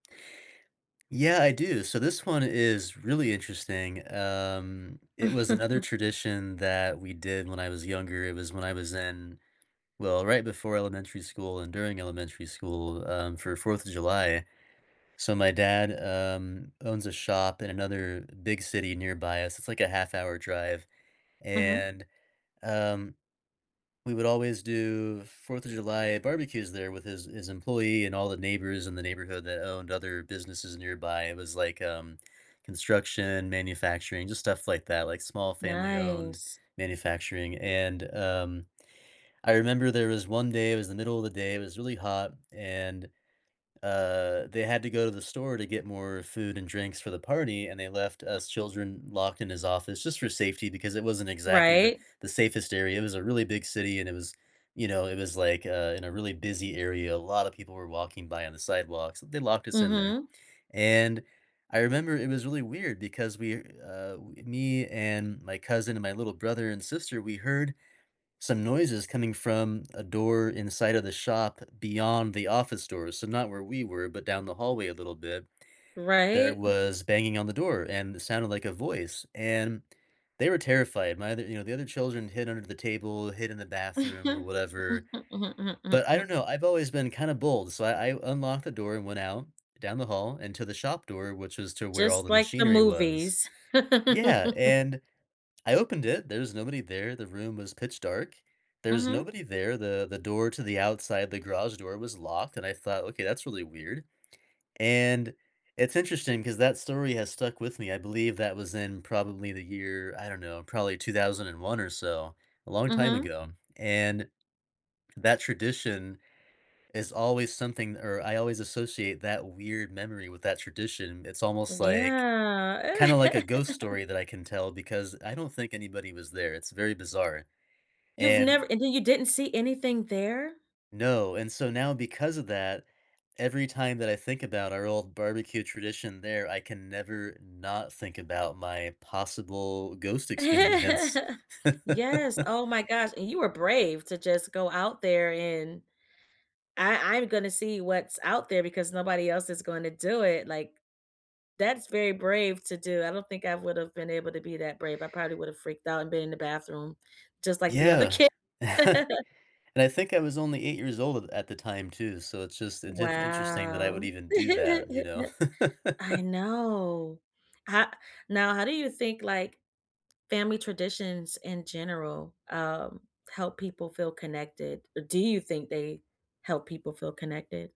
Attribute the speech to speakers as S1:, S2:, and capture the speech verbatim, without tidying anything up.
S1: Yeah, I do, so this one is really interesting, um, it was another tradition that we did when I was younger, it was when I was in well, right before elementary school and during elementary school, um, for 4th of July, so my dad, um, owns a shop in another big city nearby us, it's like a half hour drive,
S2: Mhm.
S1: and, um, we would always do 4th of July barbecues there with his his employee and all the neighbors in the neighborhood that owned other businesses nearby, it was like, um, construction, manufacturing, just stuff like that, like small family-owned
S2: Nice.
S1: manufacturing and, um, I remember there was one day, it was the middle of the day, it was really hot, and, uh, they had to go to the store to get more food and drinks for the party, and they left us children locked in his office just for safety because it wasn't exactly the
S2: Right.
S1: the safest area. It was a really big city and it was you know, it was like, uh, in a really busy area, a lotta people were walking by on the sidewalks, they locked us in there,
S2: Mhm.
S1: and I remember it was really weird because we're, uh w me and my cousin and my little brother and sister, we heard some noises coming from a door inside of the shop beyond the office doors, so not where we were, but down the hallway a little bit, there
S2: Right?
S1: was banging on the door and it sounded like a voice, and they were terrified. My other you know, the other children hid under the table, hid in the bathroom or whatever. But I don't know, I've always been kinda bold, so I I unlocked the door and went out down the hall and to the shop door, which is to where all
S2: Just
S1: the
S2: like the
S1: machinery was.
S2: movies.
S1: Yeah, and I opened it, there's nobody there, the room was pitch dark. There's
S2: Mhm.
S1: nobody there, the the door to the outside, the garage door was locked, and I thought, "Okay, that's really weird." And it's interesting 'cause that story has stuck with me, I believe that was in probably the year, I don't know, probably two thousand and one or so, a long time
S2: Mhm.
S1: ago, and that tradition is always something or I always associate that weird memory with that tradition, it's almost like
S2: Yeah.
S1: kinda like a ghost story that I can tell, because I don't think anybody was there, it's very bizarre,
S2: You've
S1: and
S2: never and then you didn't see anything there?
S1: No, and so now because of that, every time that I think about our old barbecue tradition there, I can never not think about my possible ghost experience.
S2: Yes, oh my gosh, and you were brave to just go out there and "I I'm gonna see what's out there because nobody else is going to do it," like, that's very brave to do, I don't think I would have been able to be that brave, I probably would have freaked out and been in the bathroom, just like the other
S1: Yeah.
S2: ki
S1: And I think I was only eight years old a at the time too, so it's just intent interesting that I would
S2: Wow.
S1: even do that, you know.
S2: I know. Ho Now how do you think, like, family traditions in general, um, help people feel connected, or do you think they help people feel connected?